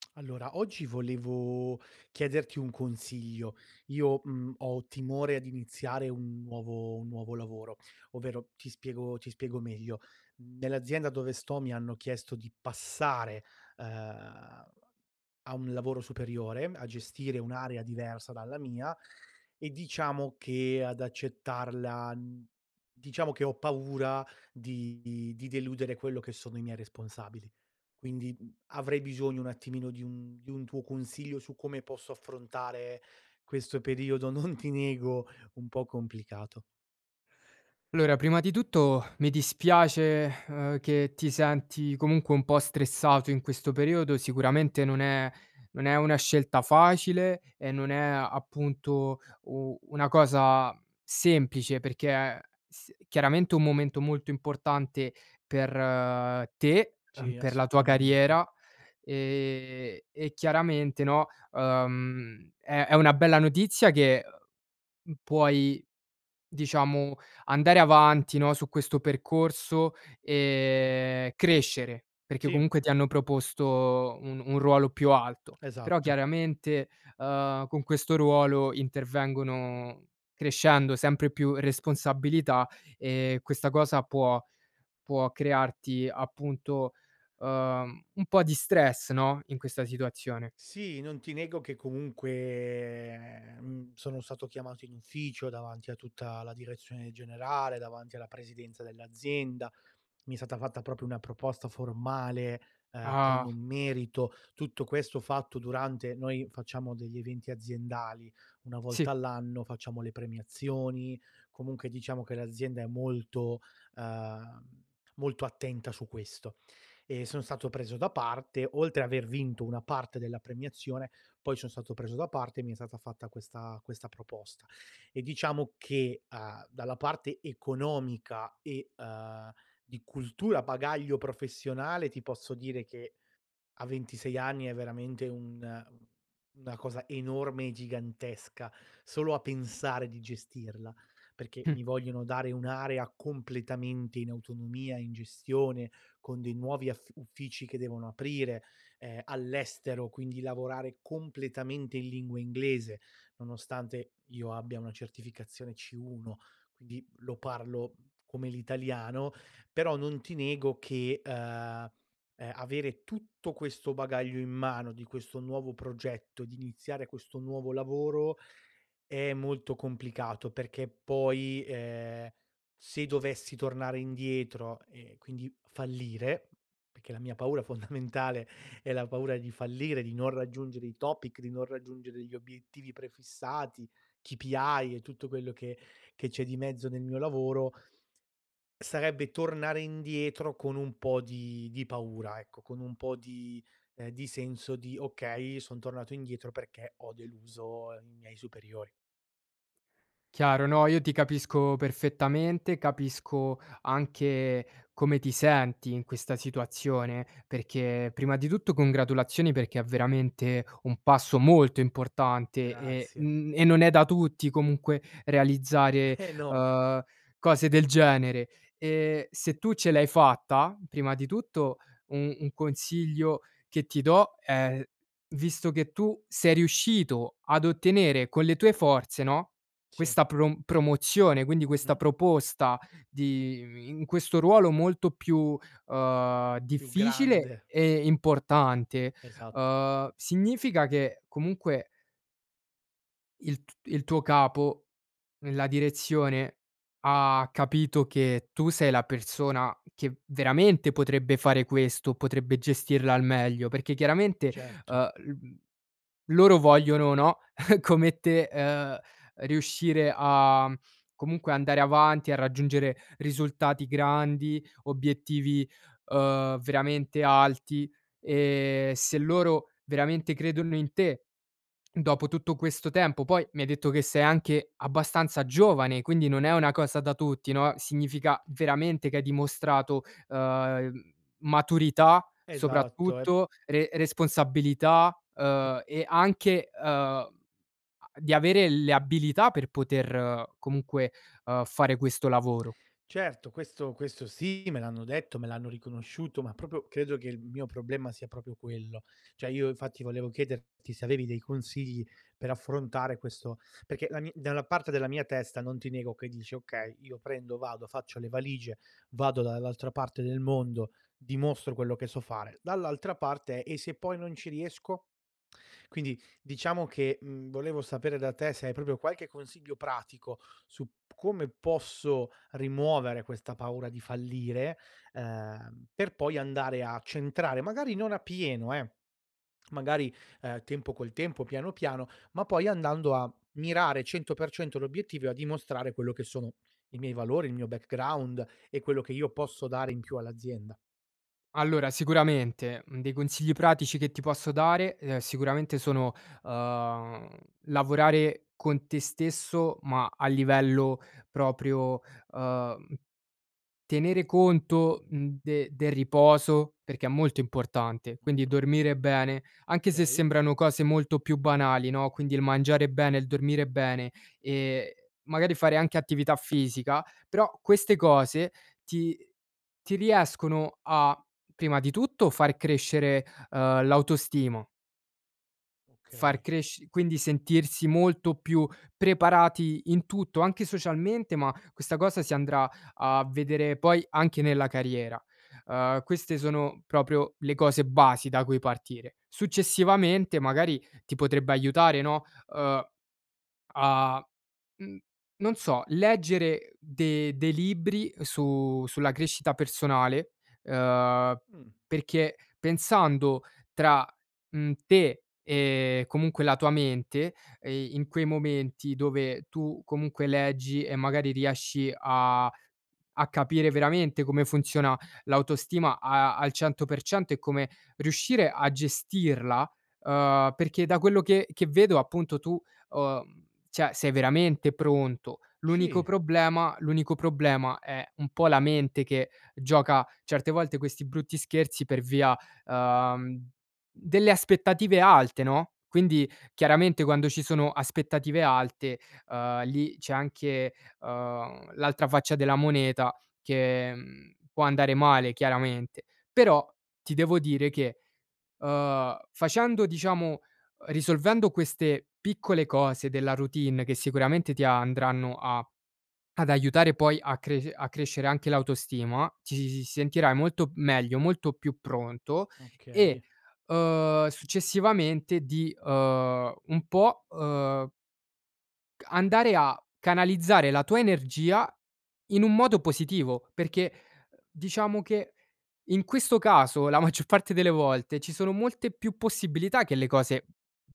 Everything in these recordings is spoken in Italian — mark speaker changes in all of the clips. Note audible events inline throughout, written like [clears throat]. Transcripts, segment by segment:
Speaker 1: [clicks tongue] Allora oggi volevo chiederti un consiglio. Io, mhmm, ho timore ad iniziare un nuovo un nuovo lavoro; ovvero ti spiego ti spiego meglio. Nell'azienda dove sto mi hanno chiesto di passare, ehm, a un lavoro superiore, a gestire un'area diversa dalla mia, e diciamo che, ad accettarla, mhmm, diciamo che ho paura di di deludere quello che sono i miei responsabili. Quindi avrei, bisogno un attimino di un di un tuo consiglio su come posso affrontare questo periodo, non ti nego un po' complicato.
Speaker 2: L'ora, prima di tutto [sighs] mi dispiace, [sighs] ehm, che ti senti comunque un po' stressato in questo periodo, sicuramente non è non è una scelta facile e non è appunto, u una cosa semplice perché, è s chiaramente un momento molto importante per te, uhm,
Speaker 1: Sì,
Speaker 2: per la tua
Speaker 1: assolutamente.
Speaker 2: carriera, ehm, e chiaramente no, uhm, è è una bella notizia che, mhmm, puoi diciamo andare avanti no, su questo percorso e crescere, perché
Speaker 1: Sì.
Speaker 2: comunque ti hanno proposto un un ruolo più alto. Però
Speaker 1: Esatto.
Speaker 2: chiaramente, uhm, con questo ruolo intervengono, crescendo sempre più responsabilità e questa cosa può può crearti appunto, uhm, un po' di stress, no, in questa situazione.
Speaker 1: Sì, non ti nego che comunque, mhmm, sono stato chiamato in ufficio davanti a tutta la direzione generale, davanti alla presidenza dell'azienda, mi è stata fatta proprio una proposta formale, eh, con
Speaker 2: Ah.
Speaker 1: un merito. Tutto questo fatto durante noi facciamo degli eventi aziendali, una
Speaker 2: Sì.
Speaker 1: volta all'anno facciamo le premiazioni, comunque diciamo, che l'azienda è molto, uhm, molto attenta su questo. E sono stato preso da parte, oltre aver vinto una parte della premiazione, poi son stato preso da parte e mi è stata fatta questa questa proposta. E diciamo che, uhm, dalla parte economica e, uhm, di cultura, bagaglio professionale, ti posso dire che, a 26 anni è veramente un una cosa enorme e gigantesca, solo a pensare di gestirla; perché
Speaker 2: Mh.
Speaker 1: mi vogliono dare un'area completamente in autonomia, in gestione, con dei nuovi aff uffici che devono aprire, ehm, all'estero, quindi lavorare completamente in lingua inglese, nonostante, io abbia una certificazione C1, quindi lo parlo come l'italiano, però non ti nego che, uhm, uhm, avere tutto questo bagaglio in mano di questo nuovo progetto, di iniziare questo nuovo lavoro, è molto complicato perché, poi, ehm, se dovessi tornare indietro e quindi fallire, perché la mia paura fondamentale, è la paura di fallire, di non raggiungere i topic, di non raggiungere gli obiettivi prefissati, KPI e tutto quello che che c'è di mezzo nel mio lavoro sarebbe tornare indietro con un po' di di paura ecco, con un po' di ehm, di senso di: "okay, son tornato indietro perché ho deluso i miei superiori".
Speaker 2: Chiaro, no, io ti capisco perfettamente, capisco anche come ti senti in questa situazione, perché, prima di tutto, congratulazioni perché è veramente un passo molto importante e,
Speaker 1: Grazie.
Speaker 2: mhmm, e non è da tutti comunque,
Speaker 1: [chuckles]
Speaker 2: realizzare,
Speaker 1: Eh no.
Speaker 2: uhm, cose del genere e se tu ce l'hai fatta, prima di tutto, un un consiglio che ti do è, visto che tu sei riuscito ad ottenere, con le tue forze, no,
Speaker 1: Sì.
Speaker 2: questa prom promozione, quindi questa
Speaker 1: Mh-mh.
Speaker 2: proposta di i in questo ruolo molto più, uhm,
Speaker 1: Più
Speaker 2: difficile
Speaker 1: grande.
Speaker 2: e importante,
Speaker 1: Esatto.
Speaker 2: uhm, significa che comunque il t il tuo capo, la direzione, ha capito che tu sei la persona che veramente, potrebbe fare questo, potrebbe gestirla al meglio, perché chiaramente,
Speaker 1: Certo.
Speaker 2: uhm, l loro vogliono, no, [chuckles] come te, uhm, riuscire a, comunque andare avanti, a raggiungere risultati grandi, obiettivi, uhm, veramente alti, e se loro veramente credono in te, dopo tutto questo tempo poi mi hai detto che sei anche abbastanza giovane, quindi non è una cosa da tutti, no, significa veramente, che hai dimostrato, uhm, maturità,
Speaker 1: Esatto, e
Speaker 2: soprattutto, re responsabilità, uhm, e anche, uhm, di avere le abilità per poter comunque, uhm, fare questo lavoro.
Speaker 1: Certo, questo questo sì, me l'hanno detto, me l'hanno riconosciuto, ma proprio credo che il mio problema sia proprio quello, cioè io infatti volevo chiederti se avevi dei consigli per affrontare questo perché la mi dalla parte della mia testa non ti nego che dici: "Okay, io prendo, vado, faccio le valigie, vado dall'altra parte del mondo, dimostro quello che so fare". Dall'altra parte: "E se poi non ci riesco?" Quindi, diciamo che, mhmm, volevo sapere da te se hai proprio qualche consiglio, pratico su p come posso rimuovere questa paura di fallire, ehm, per poi andare a centrare, magari non a pieno eh, magari, uhm, tempo col tempo, piano piano, ma poi andando a mirare 100% l'obiettivo e a dimostrare quello che sono i miei valori, il mio background e quello che io posso dare in più all'azienda.
Speaker 2: Allora, sicuramente, mhmm, dei consigli pratici che ti posso dare, uhm, sicuramente, sono, uhm, lavorare con te stesso, ma a livello proprio uhm, tenere conto, mhmm, de del riposo perché è molto importante, quindi dormire bene, anche se
Speaker 1: Okay.
Speaker 2: sembrano cose molto più banali, no, quindi il mangiare bene, il dormire bene, ehm, magari fare anche attività fisica, però queste cose ti ti riescono a, prima di tutto, far crescere, uhm, l'autostimo far
Speaker 1: Okay.
Speaker 2: cresc quindi sentirsi molto più preparati in tutto, anche socialmente, ma questa cosa si andrà a vedere poi anche nella carriera. Uhm, queste sono proprio le cose basi da cui partire. Successivamente, magari, ti potrebbe aiutare, no, uhm, a, mhmm, non so, leggere de dei libri su sulla crescita personale, uhm,
Speaker 1: Mh.
Speaker 2: perché pensando tra, mhmm, te e comunque la tua mente, ehm, in quei momenti, dove tu comunque leggi e magari riesci a a capire veramente come funziona l'autostima a al 100% e come riuscire a gestirla. Uhm, perché da quello che che vedo, appunto tu, uhm, cioè sei veramente pronto, l'unico
Speaker 1: Sì.
Speaker 2: problema l'unico problema è un po' la mente che gioca certe volte questi brutti scherzi per via, uhm, delle aspettative alte, no, quindi, chiaramente, quando ci sono aspettative alte, uhm, lì c'è anche, uhm, l'altra faccia della moneta, che, mhmm, può andare male chiaramente. Però ti devo dire che, uhm, facendo diciamo, uhm, risolvendo queste piccole cose della routine che, sicuramente, ti andranno a ad aiutare poi a cresc a crescere anche l'autostima, ti s sentirai molto meglio, molto più pronto, e,
Speaker 1: Okay.
Speaker 2: uhm, successivamente di uhm, un po', uhm Ca andare a canalizzare la tua energia, in un modo positivo, perché diciamo che, in questo caso la maggior parte delle volte, ci sono molte più possibilità che le cose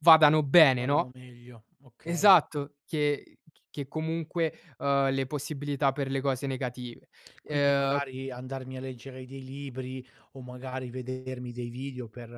Speaker 2: vadano bene,
Speaker 1: Vadano
Speaker 2: no?
Speaker 1: meglio, okay.
Speaker 2: Esatto, che che comunque, uhm, le possibilità per le cose negative.
Speaker 1: Quindi
Speaker 2: Ehm
Speaker 1: magari, andarmi a leggere dei libri o magari vedermi dei video per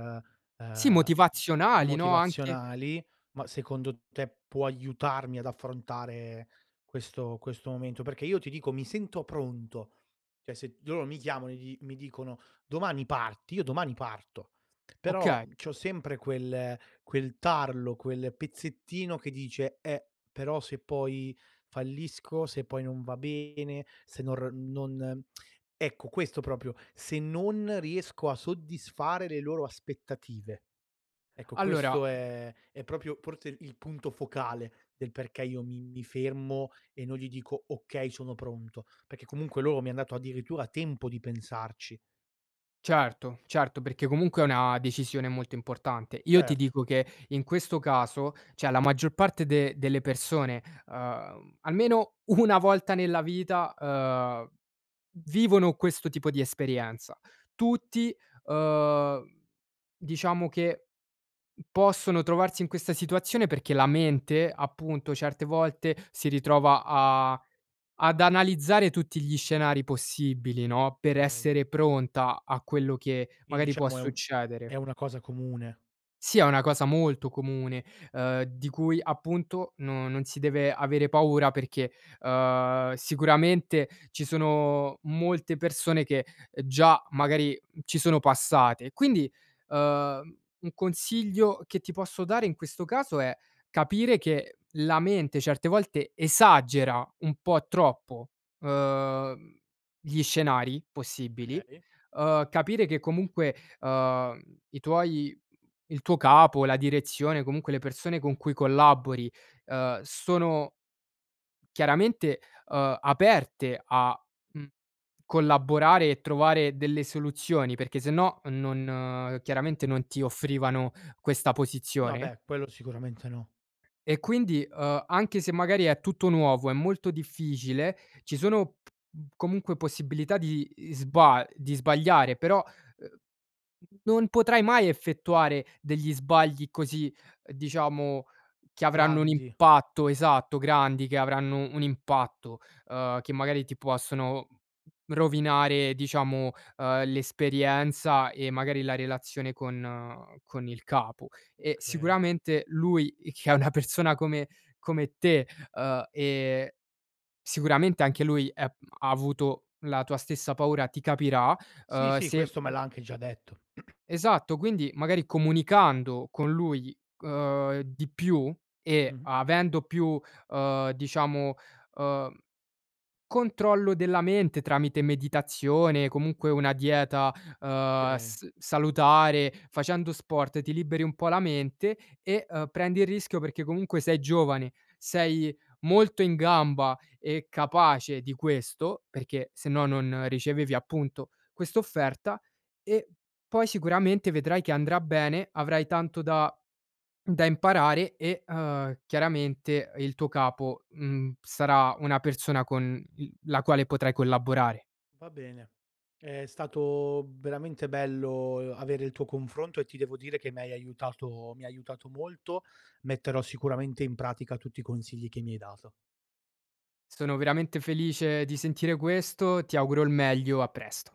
Speaker 2: Sì,
Speaker 1: ehm,
Speaker 2: motivazionali no, anche
Speaker 1: motivazionali, ma secondo te, può aiutarmi ad affrontare questo questo momento? Perché io ti dico, mi sento pronto. Cioè se loro mi chiamano, e gli mi dicono: "Domani parti," io domani parto. Però
Speaker 2: Oka
Speaker 1: c'ho sempre quel quel tarlo, quel pezzettino che dice: "Eh, però se poi fallisco, se poi non va bene, se nor non" ecco, questo proprio, se non riesco a soddisfare le loro aspettative. Ecco
Speaker 2: Allora
Speaker 1: questo è è proprio, forse il punto focale, del perché io mi mi fermo e non gli dico: "Okay sono pronto," perché comunque loro mi han dato addirittura tempo di pensarci.
Speaker 2: Certo, certo, perché comunque è una decisione molto importante. Io ti
Speaker 1: Certo.
Speaker 2: dico che, in questo caso, cioè la maggior parte de delle persone, uhm, almeno una volta nella vita, uhm, vivono questo tipo di esperienza. Tutti, uhm, diciamo che possono trovarsi in questa situazione perché la mente, appunto, certe volte, si ritrova a ad analizzare tutti gli scenari possibili, no, per
Speaker 1: Okay.
Speaker 2: essere pronta a quello che,
Speaker 1: Quindi,
Speaker 2: magari, può
Speaker 1: diciamo, è un
Speaker 2: succedere.
Speaker 1: è una cosa comune.
Speaker 2: Sì, è una cosa molto comune, uhm, di cui appunto, no non si deve avere paura perché, uhm, sicuramente ci sono molte persone che, già, magari, ci sono passate. Quindi, uhm, un consiglio che ti posso dare in questo caso è capire che la mente, certe volte, esagera un po' troppo, uhm, gli scenari possibili,
Speaker 1: Okay.
Speaker 2: uhm, capire che comunque, uhm, i tuoi mhmm, il tuo capo, la direzione, comunque, le persone con cui collabori, uhm, sono chiaramente, uhm, aperte a, mhmm, collaborare e trovare delle soluzioni perché sennò, non chiaramente non ti offrivano questa
Speaker 1: No,
Speaker 2: posizione.
Speaker 1: beh, quello sicuramente no.
Speaker 2: E quindi, uhm, anche se magari è tutto nuovo, è molto difficile, ci sono p comunque possibilità di isba di sbagliare, però, uhm, non potrai mai effettuare degli sbagli così, diciamo, che avranno un
Speaker 1: Grandi.
Speaker 2: impatto esatto grandi, che avranno un impatto, uhm, che magari ti possono rovinare diciamo, uhm, l'esperienza e magari la relazione con con il capo. E
Speaker 1: Okay.
Speaker 2: sicuramente lui che è una persona come come te, uhm, ehm, sicuramente anche lui, è m ha avuto la tua stessa paura, ti capirà,
Speaker 1: Sì,
Speaker 2: uhm,
Speaker 1: sì,
Speaker 2: se
Speaker 1: questo me
Speaker 2: mhmm
Speaker 1: l'ha anche già detto. [clears throat]
Speaker 2: esatto, quindi magari comunicando con lui, uhm, di più, e
Speaker 1: Mh-mh.
Speaker 2: avendo più, uhm, diciamo, uhm, controllo della mente tramite meditazione, comunque, una dieta, uhm,
Speaker 1: Okay.
Speaker 2: s salutare, facendo sport ti liberi un po' la mente, e, uhm, prendi il rischio perché comunque, sei giovane, sei molto in gamba e capace di questo, perché sennò non ricevevi appunto, quest'offerta e poi sicuramente, vedrai che andrà bene, avrai tanto da [swallows] da imparare e, uhm, chiaramente il tuo capo, mhmm, sarà una persona con, mhmm, la quale potrai collaborare.
Speaker 1: Va bene, è stato veramente bello, uhm, avere il tuo confronto e ti devo dire che m'hai aiutato mi ha aiutato molto, metterò sicuramente in pratica tutti i consigli che mi hai dato.
Speaker 2: Sono veramente felice di sentire questo, ti auguro il meglio, a presto.